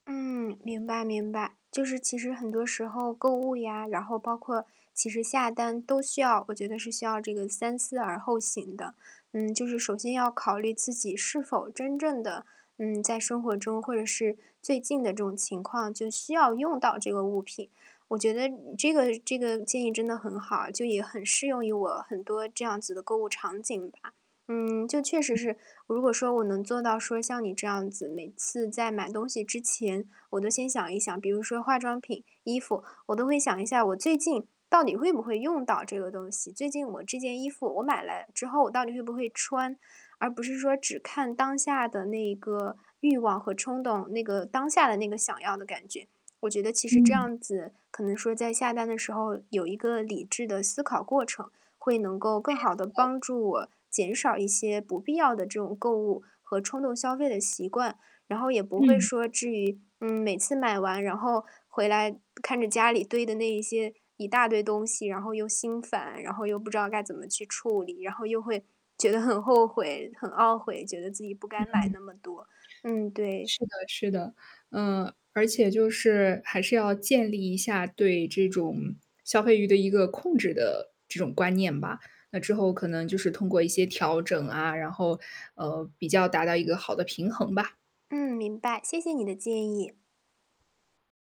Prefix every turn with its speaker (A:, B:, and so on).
A: 嗯，明白明白。就是其实很多时候购物呀，然后包括其实下单都需要我觉得是需要这个三思而后行的。嗯，就是首先要考虑自己是否真正的，嗯，在生活中，或者是最近的这种情况，就需要用到这个物品。我觉得这个这个建议，真的很好，就也很适用于我很多这样子的购物场景吧。嗯，就确实
B: 嗯。
A: 是，如果说我能做到说像你这样子，每次在买东西之前我都先想一想。比如说化妆品、衣服，我都会想一下我最近到底会不会用到这个东西。最近我这件衣服我买来之后我到底会不会穿，而不是说只看当下的那个欲望和冲动，那个当下的那个想要的感觉。我觉得其实这
B: 嗯。
A: 样子，可能说在下单的时候有一个理智的思考过程，会能够更
B: 没
A: 好地
B: 错。
A: 帮助我减少一些不必要的这种购物和冲动消费的习惯。然后也不会
B: 嗯。
A: 说，至于，嗯，每次买完，然后回来看着家里堆的那一些一大堆东西，然后又心烦，然后又不知道该怎么去处理，然后又会觉得很后悔，很懊悔，觉得自己不该买
B: 嗯。
A: 那么多。嗯，对。
B: 是的是的。嗯，而且就是，还是要建立一下对这种消费欲的一个控制的这种观念吧。那之后可能就是通过一些调整啊，然后，呃，比较达到一个好的平衡吧。
A: 嗯，明白，谢谢你的建议。